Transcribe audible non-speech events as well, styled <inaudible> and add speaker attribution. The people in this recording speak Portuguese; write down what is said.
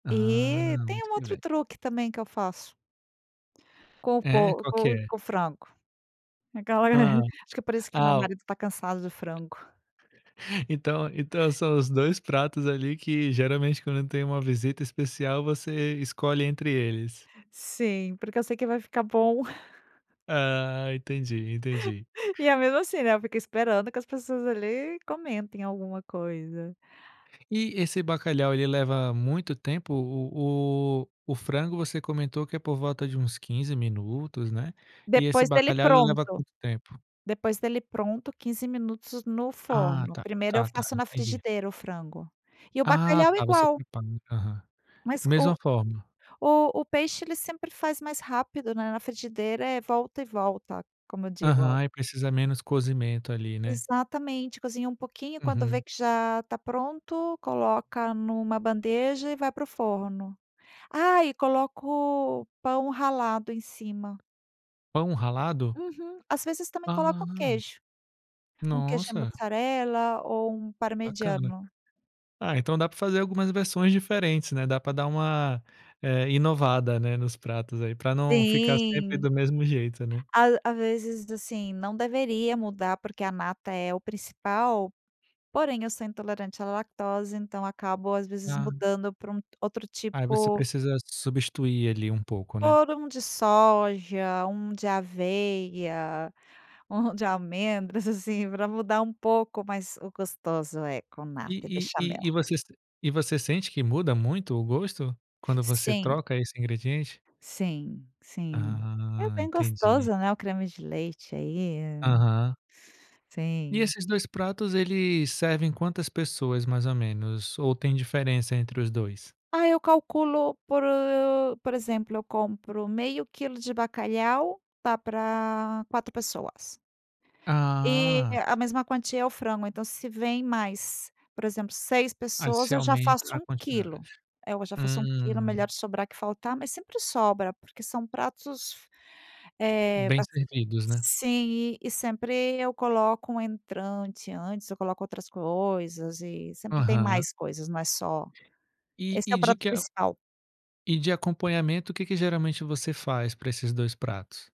Speaker 1: Ah,
Speaker 2: E tem
Speaker 1: muito
Speaker 2: um
Speaker 1: que
Speaker 2: outro
Speaker 1: bem.
Speaker 2: truque também que eu faço. Com o
Speaker 1: É,
Speaker 2: po
Speaker 1: qual que
Speaker 2: com
Speaker 1: é?
Speaker 2: com o frango. Aquela
Speaker 1: Ah,
Speaker 2: <chuckles> acho que parece que meu
Speaker 1: ah.
Speaker 2: marido está cansado de frango.
Speaker 1: Então então são os dois pratos ali que, geralmente, quando tem uma visita especial, você escolhe entre eles.
Speaker 2: Sim, porque eu sei que vai ficar bom. <chuckles>
Speaker 1: Ah, entendi entendi.
Speaker 2: <chuckles> E é mesmo assim, né, eu fico esperando que as pessoas, ali, comentem alguma coisa.
Speaker 1: E esse bacalhau, ele leva muito tempo o o o frango, você comentou que é por volta de uns 15 minutos, né, e esse
Speaker 2: Depois dele
Speaker 1: bacalhau, ele leva
Speaker 2: pronto.
Speaker 1: quanto tempo?
Speaker 2: Depois dele pronto, 15 minutos no
Speaker 1: Ah,
Speaker 2: forno,
Speaker 1: tá
Speaker 2: primeiro eu
Speaker 1: tá tá,
Speaker 2: faço na
Speaker 1: entendi.
Speaker 2: frigideira, o frango. E o
Speaker 1: Ah
Speaker 2: bacalhau,
Speaker 1: tá, você
Speaker 2: igual.
Speaker 1: limpa limpa, aham.
Speaker 2: Mas o
Speaker 1: Mesma forma.
Speaker 2: o o peixe, ele sempre faz mais rápido, né, na frigideira. É volta e volta, como eu digo o
Speaker 1: Aham, e precisa menos cozimento ali, né.
Speaker 2: Exatamente, cozinha um pouquinho e quando vê
Speaker 1: Uhum.
Speaker 2: que já está pronto, coloca numa bandeja e vai para o forno. Ah, e coloco pão ralado em cima.
Speaker 1: Pão ralado?
Speaker 2: Uhum. As vezes, também
Speaker 1: Ah.
Speaker 2: coloco o queijo, um queijo
Speaker 1: Nossa.
Speaker 2: mussarela ou um
Speaker 1: Bacana.
Speaker 2: parmegiano.
Speaker 1: Ah, então dá para fazer algumas versões diferentes, né, dá para dar uma, eh, inovada, né, nos pratos aí, para não ficar sempre
Speaker 2: Sim.
Speaker 1: do mesmo jeito, né.
Speaker 2: A às vezes, assim, não deveria mudar, porque a nata é o principal, porém eu sou intolerante à lactose, então acabo, às vezes,
Speaker 1: Ah.
Speaker 2: mudando para um outro
Speaker 1: Ah, você
Speaker 2: tipo
Speaker 1: precisa substituir ali um pouco, né.
Speaker 2: por um de soja, um de aveia, um de amêndoas, assim, para mudar um pouco, mas o gostoso é com nata, é
Speaker 1: E e e e
Speaker 2: Bechamel.
Speaker 1: você e você sente que muda muito o gosto, quando você
Speaker 2: Sim.
Speaker 1: troca esse ingrediente?
Speaker 2: Sim, sim. É
Speaker 1: Ah,
Speaker 2: bem
Speaker 1: entendi.
Speaker 2: gostoso, né, o creme de leite, aí.
Speaker 1: Aham. E
Speaker 2: Sim.
Speaker 1: esses dois pratos, ele servem quantas pessoas, mais ou menos, ou tem diferença entre os dois?
Speaker 2: Ah, eu calculo por por exemplo, eu compro meio quilo de bacalhau, dá para quatro pessoas. E
Speaker 1: Ah.
Speaker 2: a mesma quantia é o frango, então, se vem mais, por exemplo, 6
Speaker 1: Aí
Speaker 2: pessoas,
Speaker 1: você
Speaker 2: eu já
Speaker 1: aumenta
Speaker 2: faço
Speaker 1: a
Speaker 2: 1 quilo.
Speaker 1: quantidade.
Speaker 2: Eh, eu já faço 1 quilo
Speaker 1: Hum.
Speaker 2: melhor sobrar que faltar, mas sempre sobra, porque são pratos eh,
Speaker 1: Bem
Speaker 2: bas
Speaker 1: servidos, né.
Speaker 2: sim e sempre eu coloco um entrante antes, eu coloco outras coisas e sempre tem
Speaker 1: Aham.
Speaker 2: mais coisas não é só
Speaker 1: E
Speaker 2: esse é o
Speaker 1: e de
Speaker 2: prato
Speaker 1: que
Speaker 2: princial.
Speaker 1: e de acompanhamento o que que geralmente você faz, para esses 2 pratos?